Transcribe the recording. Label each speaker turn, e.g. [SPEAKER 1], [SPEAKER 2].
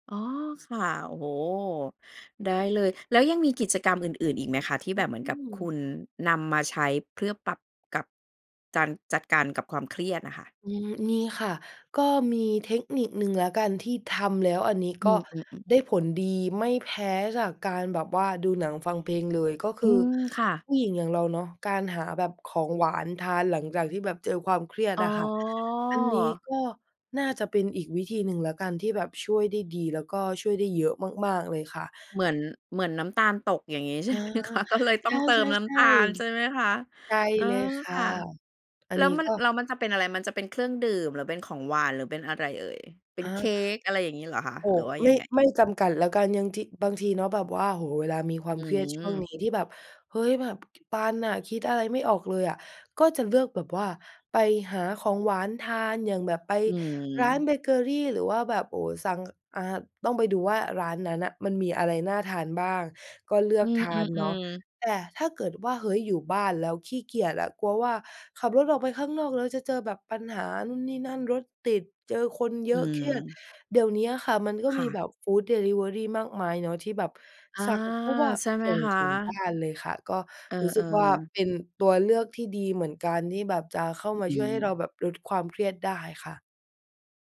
[SPEAKER 1] อ๋อ ค่ะ โอ้โฮ ได้เลย แล้วยังมีกิจกรรมอื่น ๆ อีกไหมคะ ที่
[SPEAKER 2] อ
[SPEAKER 1] แบบเหมือ
[SPEAKER 2] อ
[SPEAKER 1] น
[SPEAKER 2] ื
[SPEAKER 1] กับคุ
[SPEAKER 2] อ
[SPEAKER 1] ณนำมาใช้ เพื่อปรับกับการจัดการกับความเครียดอะค่ะ?
[SPEAKER 2] อืม มีค่ะ ก็มีเทคนิคหนึ่งแล้วกัน ที่ทำแล้วอันนี้
[SPEAKER 1] อื
[SPEAKER 2] ก็
[SPEAKER 1] ม ๆ ๆ
[SPEAKER 2] ได้ผลดี ไม่แพ้จากการแบบว่าดูหนังฟังเพลงเลย ก็ค
[SPEAKER 1] อ
[SPEAKER 2] ื
[SPEAKER 1] ื
[SPEAKER 2] อ
[SPEAKER 1] ม ค่ะ
[SPEAKER 2] ผู้หญิงอย่างเราเนาะ การหาแบบของหวานทาน หลังจากที่แบบเจอความเครียด
[SPEAKER 1] อ๋อ
[SPEAKER 2] อะค่ะ อันนี้ก็น่าจะเป็นอีกวิธีหนึ่งแล้วกัน ที่แบบช่วยได้ดี แล้วก็ช่วยได้เยอะมาก ๆ เลยค่ะ
[SPEAKER 1] เหมือน เหมือนน้ำตาลตก อย่างงี้ใช
[SPEAKER 2] อ
[SPEAKER 1] ่
[SPEAKER 2] า
[SPEAKER 1] ไหมคะ? ก็เลยต้
[SPEAKER 2] ใ
[SPEAKER 1] องเติมน้
[SPEAKER 2] ช
[SPEAKER 1] ำต
[SPEAKER 2] ่
[SPEAKER 1] าล ใช่ไ
[SPEAKER 2] ๆ
[SPEAKER 1] หมคะ?
[SPEAKER 2] ๆ ได้
[SPEAKER 1] เออ
[SPEAKER 2] เลยค่
[SPEAKER 1] ค
[SPEAKER 2] ะ
[SPEAKER 1] ่ะ
[SPEAKER 2] อั
[SPEAKER 1] แ
[SPEAKER 2] น
[SPEAKER 1] ล้
[SPEAKER 2] น
[SPEAKER 1] ว
[SPEAKER 2] ี้
[SPEAKER 1] มัน
[SPEAKER 2] ก็
[SPEAKER 1] แล้วมันจะเป็นอะไร มันจะเป็นเครื่องดื่ม? หรือเป็นของหวาน? หรือเป็นอะไรเอ่ย? เป็
[SPEAKER 2] อ
[SPEAKER 1] นเค้
[SPEAKER 2] า
[SPEAKER 1] ก อะไรอย่างงี้เหรอคะ?
[SPEAKER 2] โอ้
[SPEAKER 1] หรือว่า
[SPEAKER 2] ไ
[SPEAKER 1] ย
[SPEAKER 2] ม
[SPEAKER 1] ั
[SPEAKER 2] ่
[SPEAKER 1] งไง?
[SPEAKER 2] ไม่จำกัดแล้วกัน ยังที บางทีเนาะแบบว่า โอ้โฮ เวลามีควา
[SPEAKER 1] อื
[SPEAKER 2] มเครียดช่วง
[SPEAKER 1] ม
[SPEAKER 2] นี้ที่แบบ เฮ้ย แบบตันน่ะ คิดอะไรไม่ออกเลยอะ ก็จะเลือกแบบว่า ไปหาของหวานทาน อย่างแบบไป
[SPEAKER 1] อื
[SPEAKER 2] ร้าน
[SPEAKER 1] ม
[SPEAKER 2] เบเกอรี หรือว่าแบบ โอ้โฮ สั่ง ก อ่า ต้องไปดูว่าร้านนั้นน่ะ มันมีอะไรน่าทานบ้าง ก็เลื
[SPEAKER 1] อ
[SPEAKER 2] อ
[SPEAKER 1] ื
[SPEAKER 2] กทานเนาะ
[SPEAKER 1] ม ๆ ๆ
[SPEAKER 2] แต่ถ้าเกิดว่า เฮ้ย อยู่บ้านแล้วขี้เกียจอะ กลัวว่าขับรถออกไปข้างนอก แล้วจะเจอแบบปัญหานู่นนี่นั่น รถติด เจอคนเย
[SPEAKER 1] อื
[SPEAKER 2] อะ เครียด
[SPEAKER 1] ม
[SPEAKER 2] เดี๋ยวเนี้ยค่ะ มันก็
[SPEAKER 1] ค
[SPEAKER 2] ม
[SPEAKER 1] ่
[SPEAKER 2] ี
[SPEAKER 1] ะ
[SPEAKER 2] แบบ foods delivery มากมายเนาะ ที่แบบ
[SPEAKER 1] อา
[SPEAKER 2] สั่งปุ๊บอะ
[SPEAKER 1] ใช่ไหม
[SPEAKER 2] ส่ง
[SPEAKER 1] คะ?
[SPEAKER 2] ถึงบ้านเลยค่ะ ก็
[SPEAKER 1] เอ
[SPEAKER 2] รู้สึ
[SPEAKER 1] อ
[SPEAKER 2] กว่า
[SPEAKER 1] ๆ
[SPEAKER 2] เป็นตัวเลือกที่ดีเหมือนกัน ที่แบบจะเข้า
[SPEAKER 1] อ
[SPEAKER 2] มา
[SPEAKER 1] อื
[SPEAKER 2] ช่วยให้เรา
[SPEAKER 1] ม
[SPEAKER 2] แบบลดความเครียดได้ค่ะ